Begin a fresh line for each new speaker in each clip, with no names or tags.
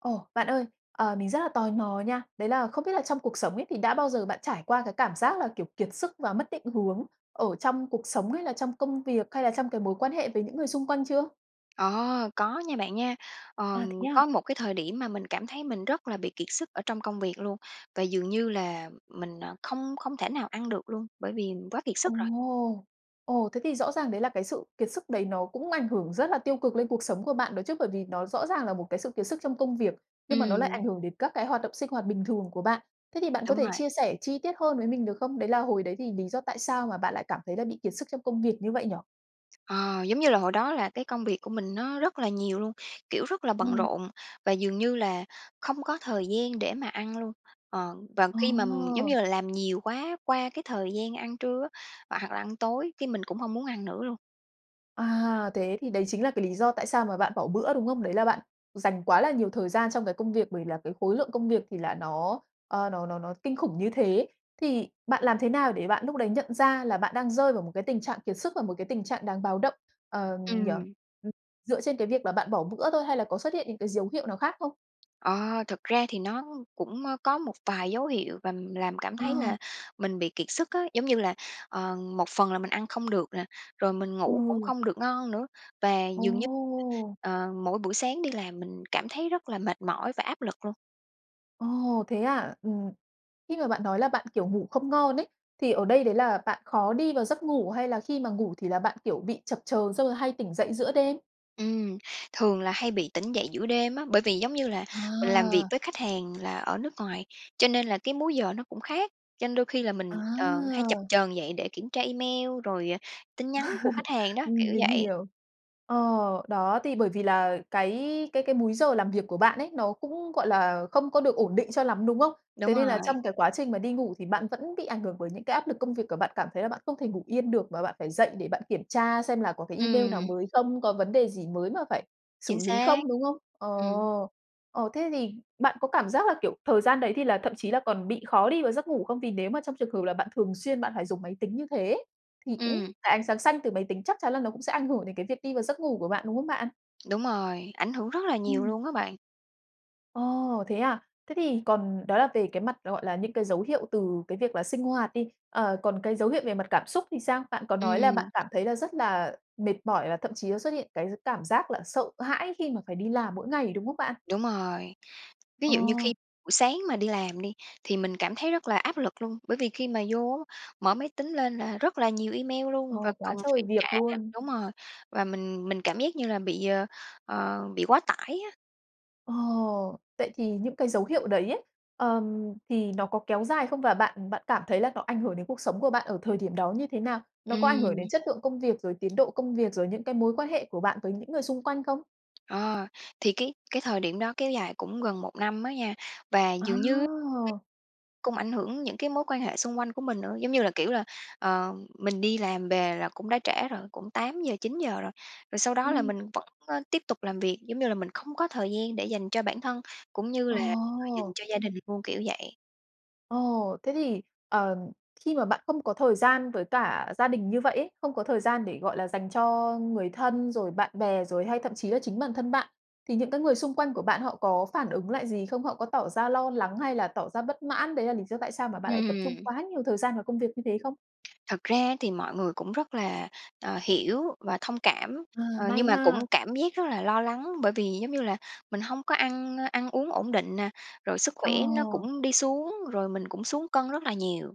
Ồ, bạn ơi! Ờ, mình rất là tò mò nha. Đấy là không biết là trong cuộc sống ấy, thì đã bao giờ bạn trải qua cái cảm giác là, kiểu, kiệt sức và mất định hướng ở trong cuộc sống hay là trong công việc hay là trong cái mối quan hệ với những người xung quanh chưa?
Ờ! Có nha bạn nha. Ờm,
À, thế à?
có một cái thời điểm mà mình cảm thấy mình rất là bị kiệt sức ở trong công việc luôn, và dường như là mình, à, không không thể nào ăn được luôn, bởi vì quá kiệt sức rồi.
Ồ! Ồ, thế thì rõ ràng đấy là cái sự kiệt sức đấy nó cũng ảnh hưởng rất là tiêu cực lên cuộc sống của bạn đó chứ? Bởi vì nó rõ ràng là một cái sự kiệt sức trong công việc, nhưng mà nó lại
Ừm.
ảnh hưởng đến các cái hoạt động sinh hoạt bình thường của bạn. Thế thì bạn có
Đúng
thể
rồi.
chia sẻ chi tiết hơn với mình được không? Đấy là hồi đấy thì lý do tại sao mà bạn lại cảm thấy là bị kiệt sức trong công việc như vậy nhỉ?
Ờ, giống như là hồi đó là cái công việc của mình nó rất là nhiều luôn, kiểu rất là bận
Ừm.
rộn, và dường như là không có thời gian để mà ăn luôn. Ờm, và khi mà, giống
Ờ!
như là, làm nhiều quá qua cái thời gian ăn trưa á, hoặc hoặc là ăn tối, cái mình cũng hông muốn ăn nữa luôn.
À! Thế thì đấy chính là cái lý do tại sao mà bạn bỏ bữa, đúng không? Đấy là bạn dành quá là nhiều thời gian trong cái công việc. Bởi vì là cái khối lượng công việc thì là nó, ờ, nó nó nó kinh khủng như thế. Thì bạn làm thế nào để bạn lúc đấy nhận ra là bạn đang rơi vào một cái tình trạng kiệt sức và một cái tình trạng đáng báo động, ờ, nhỉ?
Ừm.
Ừm, dựa trên cái việc là bạn bỏ bữa thôi hay là có xuất hiện những cái dấu hiệu nào khác không?
Ờ, thực ra thì nó cũng có một vài dấu hiệu và làm cảm thấy
Ờ.
là mình bị kiệt sức á. Giống như là, ờ, một phần là mình ăn không được nè, rồi mình ngủ cũng
Ừ.
không được ngon nữa và dường như,
Ồ!
ờ, mỗi buổi sáng đi làm mình cảm thấy rất là mệt mỏi và áp lực luôn.
Ồ! Thế à? Ừm, khi mà bạn nói là bạn, kiểu, ngủ không ngon ấy, thì ở đây đấy là bạn khó đi vào giấc ngủ, hay là khi mà ngủ thì là bạn, kiểu, bị chập chờn xong rồi hay tỉnh dậy giữa đêm?
Ừm, thường là hay bị tỉnh dậy giữa đêm á. Bởi vì, giống như là, mình làm việc
À.
với khách hàng là ở nước ngoài, cho nên là cái múi giờ nó cũng khác, cho nên đôi khi là mình, ờ, hay chập
À!
chờn dậy để kiểm tra email rồi, à, tin nhắn của khách hàng đó, kiểu
Ừm, mình
vậy.
hiểu. Ờ, đó, thì bởi vì là cái cái cái múi giờ làm việc của bạn ấy nó cũng, gọi là, không có được ổn định cho lắm, đúng không?
Đúng
Thế nên là
rồi.
trong cái quá trình mà đi ngủ thì bạn vẫn bị ảnh hưởng bởi những cái áp lực công việc, ờ, bạn cảm thấy là bạn không thể ngủ yên được mà bạn phải dậy để bạn kiểm tra xem là có cái email nào
Ừm.
mới không, có vấn đề gì mới mà phải
Chính
xử lý
xác.
không, đúng không? Ờ,
Ừm.
ờ, thế thì bạn có cảm giác là, kiểu, thời gian đấy thì là thậm chí là còn bị khó đi vào giấc ngủ không? Vì nếu mà trong trường hợp là bạn thường xuyên bạn phải dùng máy tính như thế ấy, thì cũng
Ừm.
cái ánh sáng xanh từ máy tính chắc chắn là nó cũng sẽ ảnh hưởng đến cái việc đi vào giấc ngủ của bạn, đúng không bạn?
Đúng rồi, ảnh hưởng rất là nhiều
Ừm.
luôn á bạn.
Ồ! Thế à? Thế thì còn đó là về cái mặt gọi là những cái dấu hiệu từ cái việc là sinh hoạt đi, ờ, còn cái dấu hiệu về mặt cảm xúc thì sao? Bạn có nói là bạn
Ừm.
cảm thấy là rất là mệt mỏi, và thậm chí nó xuất hiện cái gi cảm giác là sợ hãi khi mà phải đi làm mỗi ngày, đúng không bạn?
Đúng rồi. Ví
Ờ.
dụ như khi buổi sáng mà đi làm đi thì mình cảm thấy rất là áp lực luôn, bởi vì khi mà vô á, mở máy tính lên là rất là nhiều email
Ờ,
luôn và
quá
cần
trời
phải trả
việc luôn.
đúng rồi, và mình mình cảm giác như là bị, ờ, ờ, bị quá tải á.
Ồ. Vậy thì những cái dấu hiệu đấy ấy, ờm, thì nó có kéo dài không? Và bạn bạn cảm thấy là nó ảnh hưởng đến cuộc sống của bạn ở thời điểm đó như thế nào? Nó có ảnh hưởng đến
Ừm.
chất lượng công việc, rồi tiến độ công việc, rồi những cái mối quan hệ của bạn với những người xung quanh không?
Ờ, thì cái cái thời điểm đó kéo dài cũng gần 1 năm á nha. Và dường như cái
Wow!
cũng ảnh hưởng những cái mối quan hệ xung quanh của mình nữa. Giống như là, kiểu là, ờ, mình đi làm về là cũng đã trễ rồi, cũng 8 giờ, 9 giờ rồi, rồi sau đó là
Ừm.
mình vẫn, ơ, tiếp tục làm việc. Giống như là mình không có thời gian để dành cho bản thân cũng như là [unintelligible] dành
Ồ.
cho gia đình luôn, kiểu vậy.
Ồ, thế thì, ờ, khi mà bạn không có thời gian với cả gia đình như vậy ấy, không có thời gian để, gọi là, dành cho người thân, rồi bạn bè rồi hay thậm chí là chính bản thân bạn, thì những cái người xung quanh của bạn họ có phản ứng lại gì không? Họ có tỏ ra lo lắng hay là tỏ ra bất mãn đấy là lý do tại sao mà bạn lại tập trung
Ừm.
quá nhiều thời gian vào công việc như thế không?
Thật ra thì mọi người cũng rất là, ờ, hiểu và thông cảm,
À,
ờ, nhưng
may
mà
ha.
cũng cảm giác rất là lo lắng. Bởi vì, giống như là, mình hông có ăn, ơ, ăn uống ổn định nè, rồi sức khỏe nó
Ồ.
cũng đi xuống, rồi mình cũng xuống cân rất là nhiều.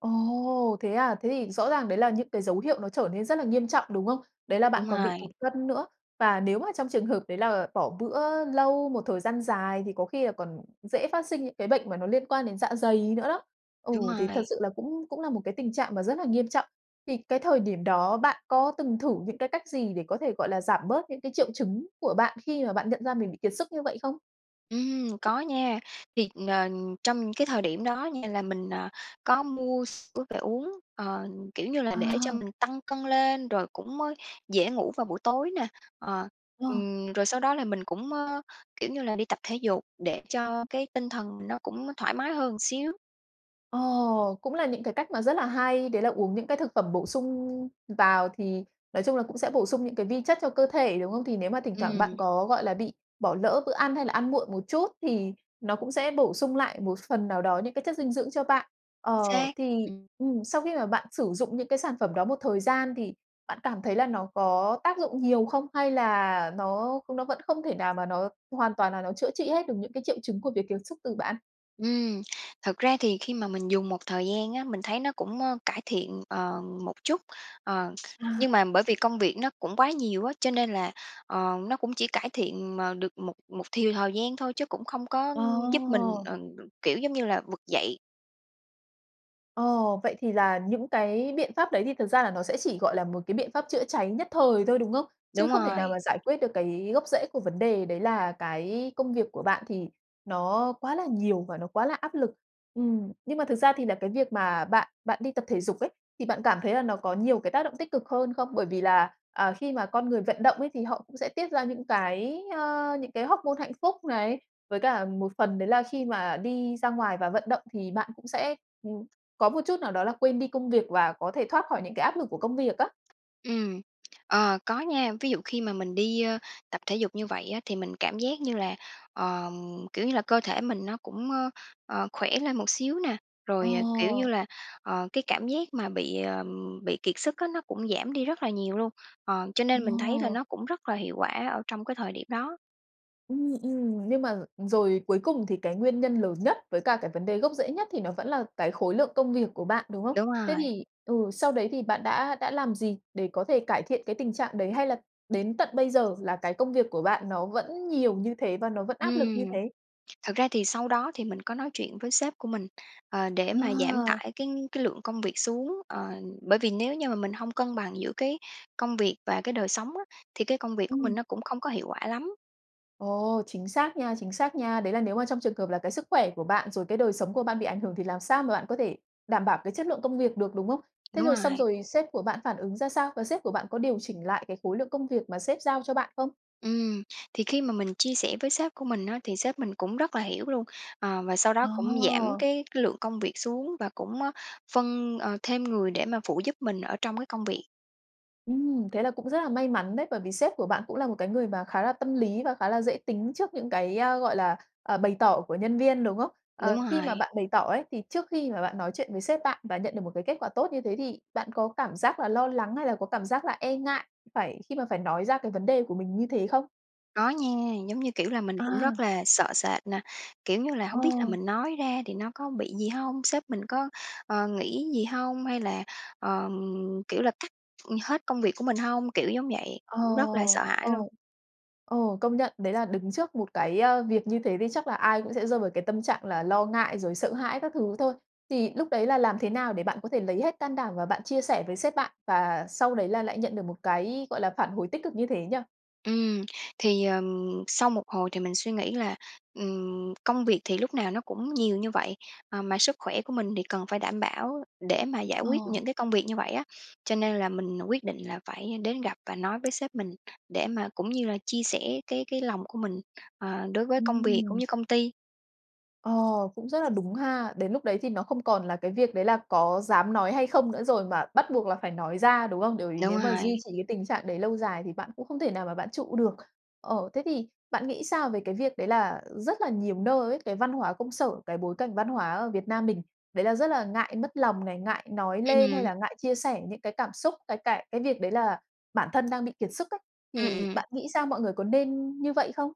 Ồ, thế à. Thế thì rõ ràng đấy là những cái dấu hiệu nó trở nên rất là nghiêm trọng, đúng không? Đấy là bạn
Đúng
còn bị tụt
rồi.
cân nữa. Và nếu mà trong trường hợp đấy là bỏ bữa lâu một thời gian dài thì có khi là còn dễ phát sinh những cái bệnh mà nó liên quan đến dạ dày nữa đó. Ừ,
Đúng
thì thật
rồi.
sự là cũng cũng là một cái tình trạng mà rất là nghiêm trọng. Thì cái thời điểm đó bạn có từng thử những cái cách gì để có thể, gọi là, giảm bớt những cái triệu chứng của bạn khi mà bạn nhận ra mình bị kiệt sức như vậy không?
Ừm, có nha. Thì nền trong cái thời điểm đó nha là mình, ờ, có mua sữa về uống, ờ, kiểu như là, nể cho
À.
mình tăng cân lên rồi cũng mới dễ ngủ vào buổi tối nè. Ờ,
Wow!
ừm, rồi sau đó là mình cũng, ơ, kiểu như là, đi tập thể dục để cho cái tinh thần nó cũng thoải mái hơn xíu.
Ồ, cũng là những cái cách mà rất là hay, đấy là uống những cái thực phẩm bổ sung vào thì nói chung là cũng sẽ bổ sung những cái vi chất cho cơ thể, đúng không? Thì nếu mà thỉnh thoảng bạn
Ừm.
có, gọi là, bị bỏ lỡ bữa ăn hay là ăn muộn một chút thì nó cũng sẽ bổ sung lại một phần nào đó những cái chất dinh dưỡng cho bạn.
Chính
Ờ,
xác,
thì
ừm.
ừm, sau khi mà bạn sử dụng những cái sản phẩm đó một thời gian thì bạn cảm thấy là nó có tác dụng nhiều không hay là nó nó vẫn không thể nào mà nó hoàn toàn là nó chữa trị hết được những cái triệu chứng của việc kiệt sức từ bạn?
Ừm, thật ra thì khi mà mình dùng một thời gian á, mình thấy nó cũng, ơ, cải thiện, ờ, một chút. Ờ,
À.
nhưng mà bởi vì công việc nó cũng quá nhiều á, cho nên là, ờ, nó cũng chỉ cải thiện mà được một một thiều thời gian thôi chứ cũng không có giúp mình,
Ồ!
ờ, đ kiểu, giống như là, vực dậy.
Ồ, vậy thì là những cái biện pháp đấy thì thực ra là nó sẽ chỉ, gọi là, một cái biện pháp chữa cháy nhất thời thôi, đúng không? Chứ
Đúng
không thể nào
rồi.
mà giải quyết được cái gốc rễ của vấn đề, đấy là cái công việc của bạn thì nó quá là nhiều và nó quá là áp lực. Ừm. Nhưng mà thực ra thì là cái việc mà bạn bạn đi tập thể dục ấy, thì bạn cảm thấy là nó có nhiều cái tác động tích cực hơn không? Bởi vì là, à, khi mà con người vận động ấy thì họ cũng sẽ tiết ra những cái ơ, những cái hoóc-môn hạnh phúc này, với cả một phần đấy là khi mà đi ra ngoài và vận động thì bạn cũng sẽ, ừm, có một chút nào đó là quên đi công việc và có thể thoát khỏi những cái áp lực của công việc á.
Ừm. Ờ, có nha. Ví dụ khi mà mình đi, ơ, tập thể dục như vậy á thì mình cảm giác như là, ờm, kiểu như là, cơ thể mình nó cũng, ơ, ờ, khỏe lên một xíu nè. Rồi, à, kiểu như
Ồ.
là, ờ, cái cảm giác mà bị, ờm, bị kiệt sức á, nó cũng giảm đi rất là nhiều luôn. Ờ, cho nên mình thấy là
Ồ.
nó cũng rất là hiệu quả ở trong cái thời điểm đó.
Ừm, ừm. Nhưng mà rồi cuối cùng thì cái nguyên nhân lớn nhất với cả cái vấn đề gốc rễ nhất thì nó vẫn là cái khối lượng công việc của bạn, đúng không?
Đúng
Thế
rồi.
thì ừ, sau đấy thì bạn đã đã làm gì để có thể cải thiện cái tình trạng đấy hay là đến tận bây giờ là cái công việc của bạn nó vẫn nhiều như thế và nó vẫn áp lực như
Ừm,
thế?
thật ra thì sau đó thì mình có nói chuyện với sếp của mình, ờ, để mà giảm
Ờ.
tải cái cái lượng công việc xuống. Ờ, bởi vì nếu như mà mình hông cân bằng giữa cái công việc và cái đời sống á, thì cái công việc của mình
Ừm.
nó cũng không có hiệu quả lắm.
Ồ, chính xác nha, chính xác nha! Đấy là nếu mà trong trường hợp là cái sức khỏe của bạn, rồi cái đời sống của bạn bị ảnh hưởng thì làm sao mà bạn có thể đảm bảo cái chất lượng công việc được, đúng không? Thế
Đúng
rồi xong
rồi.
rồi sếp của bạn phản ứng ra sao và sếp của bạn có điều chỉnh lại cái khối lượng công việc mà sếp giao cho bạn không?
Ừm, thì khi mà mình chia sẻ với sếp của mình á, thì sếp mình cũng rất là hiểu luôn, ờ, và sau đó cũng giảm
Ồ!
cái cái lượng công việc xuống và cũng, ơ, phân, ờ, thêm người để mà phụ giúp mình ở trong cái công việc.
Ừm, thế là cũng rất là may mắn đấy. Bởi vì sếp của bạn cũng là một cái người mà khá là tâm lý và khá là dễ tính trước những cái, a, gọi là, ờ, bày tỏ của nhân viên, đúng không? Ờ,
Đúng
khi mà
rồi.
bạn bày tỏ ấy, thì trước khi mà bạn nói chuyện với sếp bạn và nhận được một cái kết quả tốt như thế thì bạn có cảm giác là lo lắng hay là có cảm giác là e ngại phải khi mà phải nói ra cái vấn đề của mình như thế không?
Có nha, giống như, kiểu là, mình cũng
À.
rất là sợ sệt nè, kiểu như là, hông biết là
Ờ.
mình nói ra thì nó có bị gì hông? Sếp mình có, ờ, nghĩ gì hông? Hay là, ờ, kiểu là, cắt hết công việc của mình hông? Kiểu, giống vậy.
Ờ,
Cũng rất là sợ hãi
ờ.
luôn.
Ờ, công nhận, đấy là đứng trước một cái, ơ, việc như thế thì chắc là ai cũng sẽ rơi vào cái tâm trạng là lo ngại rồi sợ hãi các thứ thôi. Thì lúc đấy là làm thế nào để bạn có thể lấy hết can đảm và bạn chia sẻ với sếp bạn? Và sau đấy là lại nhận được một cái gọi là, phản hồi tích cực như thế nhỉ.
Ừm. Thì, ờ, sau một hồi thì mình suy nghĩ là, ừm, công việc thì lúc nào nó cũng nhiều như vậy, à, mà sức khỏe của mình thì cần phải đảm bảo để mà giải quyết
Ờ.
những cái công việc như vậy á, cho nên là mình quyết định là phải đến gặp và nói với sếp mình, để mà cũng như là chia sẻ cái cái lòng của mình, ờ, đối với công việc cũng
Ừm.
như công ty.
Ờ, cũng rất là đúng ha. Đến lúc đấy thì nó không còn là cái việc, đấy là, có dám nói hay không nữa rồi, mà bắt buộc là phải nói ra, đúng không? Bởi vì
Đúng
nếu mà duy
rồi.
trì cái tình trạng đấy lâu dài thì bạn cũng không thể nào mà bạn trụ được. Ờ, thế thì, bạn nghĩ sao về cái việc, đấy là rất là nhiều nơi ấy, cái văn hóa công sở cái bối cảnh văn hóa ở Việt Nam mình, đấy là rất là ngại mất lòng này, ngại nói lên hay
Ừm.
là ngại chia sẻ những cái cảm xúc, cái cại cái việc đấy là bản thân đang bị kiệt sức ấy,
Ừ,
thì
ừm.
bạn nghĩ sao, mọi người có nên như vậy không?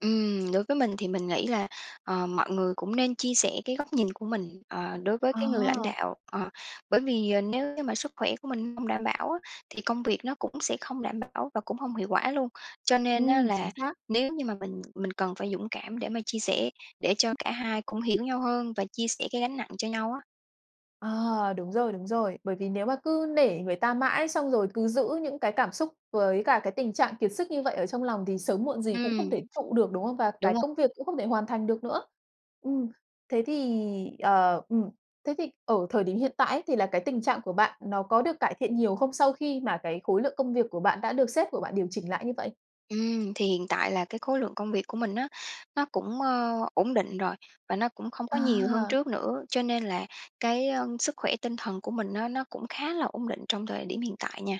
Ừm. Đối với mình thì mình nghĩ là, ờm, mọi người cũng nên chia sẻ cái góc nhìn của mình, ờ, đối với cái người lãnh
Ờ.
đạo, ờ, bởi vì nếu như mà sức khỏe của mình hông đảm bảo á, thì công việc nó cũng sẽ không đảm bảo và cũng hông hiệu quả luôn. Cho nên á
Ừm, chính
là
xác.
nếu như mà mình mình cần phải dũng cảm để mà chia sẻ, để cho cả hai cũng hiểu nhau hơn và chia sẻ cái gánh nặng cho nhau á.
À! Đúng rồi, đúng rồi. Bởi vì nếu mà cứ nể người ta mãi xong rồi cứ giữ những cái cảm xúc với cả cái tình trạng kiệt sức như vậy ở trong lòng thì sớm muộn gì cũng không
Ừm.
thể trụ được, đúng không? Và
Đúng
cái
rồi.
công việc cũng không thể hoàn thành được nữa. Ừm, thế thì ờ, ừm, thế thì ở thời điểm hiện tại ấy, thì là cái tình trạng của bạn nó có được cải thiện nhiều không, sau khi mà cái khối lượng công việc của bạn đã được sếp của bạn điều chỉnh lại như vậy?
Ừm. Thì hiện tại là cái khối lượng công việc của mình á, nó cũng, ờ, ổn định rồi và nó cũng không có nhiều hơn
À!
trước nữa. Cho nên là cái sức khỏe tinh thần của mình á nó cũng khá là ổn định trong thời điểm hiện tại nha.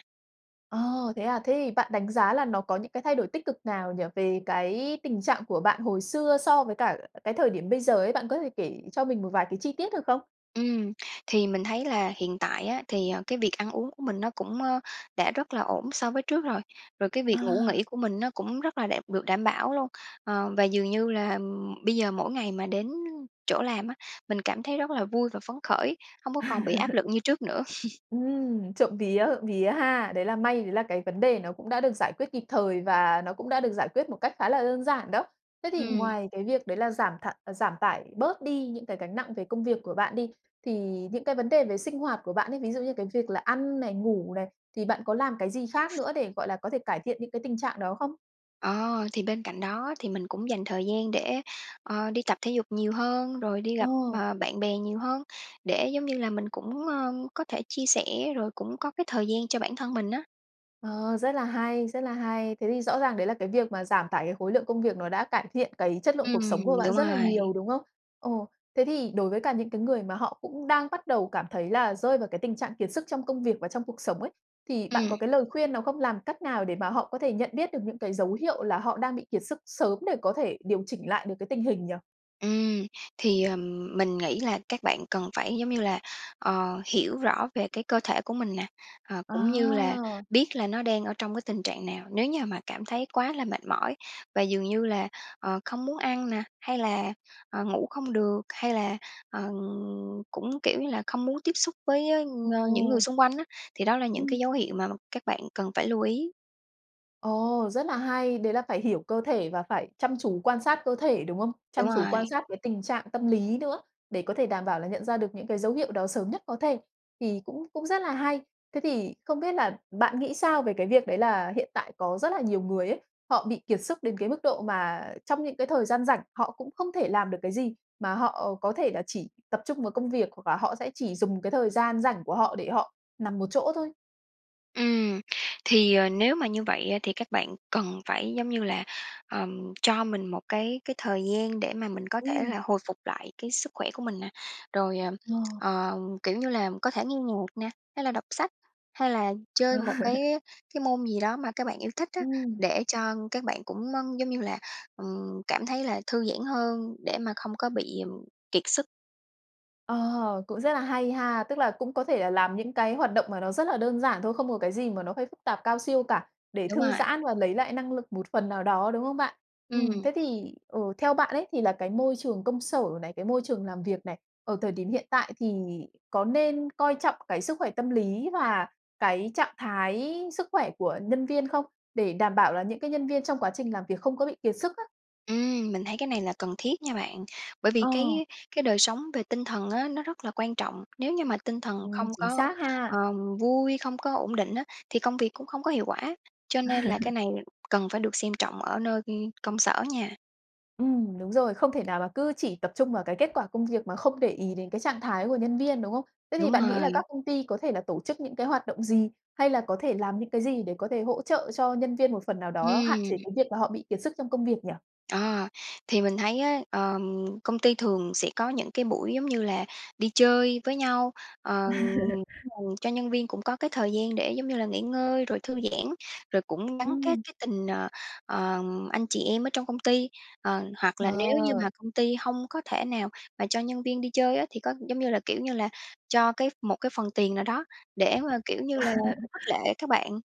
Ồ, thế à? Thế thì bạn đánh giá là nó có những cái thay đổi tích cực nào nhỉ? Về cái tình trạng của bạn hồi xưa so với cả cái thời điểm bây giờ ấy. Bạn có thể kể cho mình một vài cái chi tiết được không?
Ừm. Thì mình thấy là hiện tại á, thì, ờ, cái việc ăn uống của mình nó cũng, ờ, đã rất là ổn so với trước rồi. Rồi cái việc ngủ
À!
nghỉ của mình nó cũng rất là đẹp được đảm bảo luôn, ờ. Và dường như là bây giờ mỗi ngày mà đến chỗ làm á mình cảm thấy rất là vui và phấn khởi, không có còn bị áp lực như trước nữa.
Ừm. Trộm vía, trộm vía ha? Đấy là may đấy là cái vấn đề nó cũng đã được giải quyết kịp thời và nó cũng đã được giải quyết một cách khá là đơn giản đó. Thế thì
Ừm.
ngoài cái việc đấy là giảm thải giảm tải bớt đi những cái gánh nặng về công việc của bạn đi, thì những cái vấn đề về sinh hoạt của bạn ấy, ví dụ như cái việc là ăn này, ngủ này, thì bạn có làm cái gì khác nữa để, gọi là, có thể cải thiện những cái tình trạng đó không?
Ờ, thì bên cạnh đó thì mình cũng dành thời gian để, ờ, đi tập thể dục nhiều hơn, rồi đi gặp,
Ồ.
ờ, bạn bè nhiều hơn, để giống như là mình cũng, ơ, có thể chia sẻ rồi cũng có cái thời gian cho bản thân mình á.
Ờ, rất là hay, rất là hay. Thế thì rõ ràng đấy là cái việc mà giảm tải cái khối lượng công việc nó đã cải thiện cái chất lượng cuộc sống của
Ừm,
bạn
đúng
rất là
rồi.
nhiều, đúng không? Ừ, thế thì đối với cả những cái người mà họ cũng đang bắt đầu cảm thấy là rơi vào cái tình trạng kiệt sức trong công việc và trong cuộc sống ấy, thì bạn
Ừm.
có cái lời khuyên nào không? Làm cách nào để mà họ có thể nhận biết được những cái dấu hiệu là họ đang bị kiệt sức sớm để có thể điều chỉnh lại được cái tình hình nhỉ?
Ừm, thì, ờ, mình nghĩ là các bạn cần phải, giống như là, ờ, hiểu rõ về cái cơ thể của mình nè, ờ, cũng như là
À.
biết là nó đang ở trong cái tình trạng nào. Nếu như mà cảm thấy quá là mệt mỏi và dường như là, ờ, không muốn ăn nè, hay là, ờ, ngủ không được, hay là, ờ, cũng, kiểu như là, không muốn tiếp xúc với, ơ, những người
Ồ.
xung quanh á, thì đó là những
Ừm.
cái dấu hiệu mà các bạn cần phải lưu ý.
Ồ, rất là hay, đấy là phải hiểu cơ thể và phải chăm chú quan sát cơ thể, đúng không? Chăm
Đúng
chú
rồi.
quan sát cái tình trạng tâm lý nữa, để có thể đảm bảo là nhận ra được những cái dấu hiệu đó sớm nhất có thể. Thì cũng cũng rất là hay. Thế thì không biết là bạn nghĩ sao về cái việc đấy là hiện tại có rất là nhiều người ấy, họ bị kiệt sức đến cái mức độ mà trong những cái thời gian rảnh, họ cũng không thể làm được cái gì, mà họ có thể là chỉ tập trung vào công việc, hoặc là họ sẽ chỉ dùng cái thời gian rảnh của họ để họ nằm một chỗ thôi?
Ừm, thì, ờ, nếu mà như vậy á, thì các bạn cần phải giống như là, ờm, cho mình một cái cái thời gian để mà mình có thể
Ừm.
là hồi phục lại cái sức khỏe của mình nè. Rồi, ờm,
Ờ.
ờ, kiểu như là có thể nghe nhạc nè, hay là đọc sách, hay là chơi một cái cái môn gì đó mà các bạn yêu thích á,
Ừm.
để cho các bạn cũng, ơ, giống như là, ừm, cảm thấy là thư giãn hơn, để mà không có bị, ừm, kiệt sức.
Ờ, cũng rất là hay ha. Tức là cũng có thể là làm những cái hoạt động mà nó rất là đơn giản thôi, không có cái gì mà nó phải phức tạp cao siêu cả, để
Đúng
thư
rồi.
giãn và lấy lại năng lực một phần nào đó, đúng không bạn? Ừm,
Ừm.
thế thì, ừ, theo bạn ấy, thì là cái môi trường công sở này, cái môi trường làm việc này, ở thời điểm hiện tại thì có nên coi trọng cái sức khỏe tâm lý và cái trạng thái sức khỏe của nhân viên không? Để đảm bảo là những cái nhân viên trong quá trình làm việc không có bị kiệt sức á.
Ừm, mình thấy cái này là cần thiết nha bạn. Bởi vì
Ờ.
cái cái đời sống về tinh thần á, nó rất là quan trọng. Nếu như mà tinh thần
Ừ,
không
chính
có,
xác ha.
ờm, vui, không có ổn định á, thì công việc cũng không có hiệu quả. Cho nên là cái này cần phải được xem trọng ở nơi, ư, công sở nha.
Ừm, đúng rồi, không thể nào mà cứ chỉ tập trung vào cái kết quả công việc mà không để ý đến cái trạng thái của nhân viên, đúng không? Thế thì
Đúng
bạn nghĩ là
rồi.
các công ty có thể là tổ chức những cái hoạt động gì, hay là có thể làm những cái gì để có thể hỗ trợ cho nhân viên một phần nào đó hạn chế
Ừm!
cái việc mà họ bị kiệt sức trong công việc nhỉ?
À, thì mình thấy á, ờm, công ty thường sẽ có những cái buổi, giống như là, đi chơi với nhau, ờm, [unintelligible] cho nhân viên cũng có cái thời gian để, giống như là, nghỉ ngơi rồi thư giãn, rồi cũng gắn kết
Ừm!
cái tình, ờ, ờm, anh chị em ở trong công ty. Ờ, hoặc là nếu như
Ờ!
mà công ty hông có thể nào mà cho nhân viên đi chơi á thì có, giống như là, kiểu như là, cho cái ph một cái phần tiền nào đó để mà, kiểu như là, khích lệ các bạn.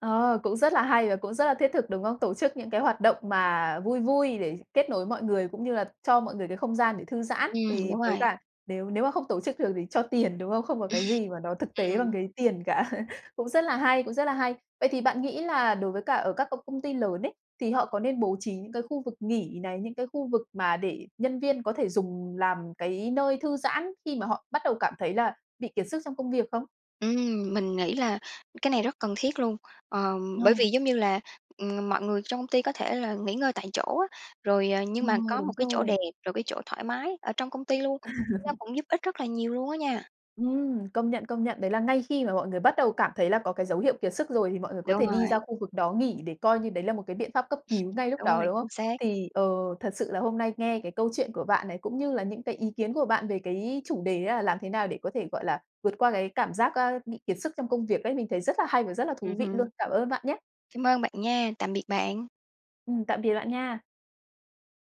Ờ, cũng rất là hay và cũng rất là thiết thực, đúng không? Tổ chức những cái hoạt động mà vui vui để kết nối mọi người cũng như là cho mọi người cái không gian để thư giãn.
Ừm,
Thì
đúng
với
rồi.
cả nếu nếu mà không tổ chức được thì cho tiền, đúng không? Không có cái gì mà nó thực tế bằng
Ừm.
cái tiền cả. Cũng rất là hay, cũng rất là hay! Vậy thì bạn nghĩ là đối với cả ở các công công ty lớn ấy, thì họ có nên bố trí những cái khu vực nghỉ này, những cái khu vực mà để nhân viên có thể dùng làm cái nơi thư giãn khi mà họ bắt đầu cảm thấy là bị kiệt sức trong công việc không?
Ừm, mình nghĩ là cái này rất cần thiết luôn. Ờm, bởi
Ờ!
vì giống như là, ừm, mọi người trong công ty có thể là nghỉ ngơi tại chỗ á, rồi, ờ, nhưng mà
Ồ,
có
đúng
một cái chỗ
rồi!
đẹp, rồi cái chỗ thoải mái ở trong công ty luôn. Kể ra cũng giúp ích rất là nhiều luôn á nha!
Ừm, công nhận, công nhận, đấy là ngay khi mà mọi người bắt đầu cảm thấy là có cái dấu hiệu kiệt sức rồi, thì mọi người có
Đúng
thể đi ra
rồi.
khu vực đó nghỉ để coi như đấy là một cái biện pháp cấp cứu ngay lúc
Đúng
đó,
rồi,
đúng không?
chính xác.
Thì, ờ, thật sự là hôm nay nghe cái câu chuyện của bạn này, cũng như là những cái ý kiến của bạn về cái chủ đề á, là làm thế nào để có thể, gọi là, vượt qua cái cảm giác, a, bị kiệt sức trong công việc ấy, mình thấy rất là hay và rất là thú
Ừm
vị luôn.
hứm.
Cảm ơn bạn nhé!
Cám ơn bạn nha, tạm biệt bạn.
Ừm, tạm biệt bạn nha!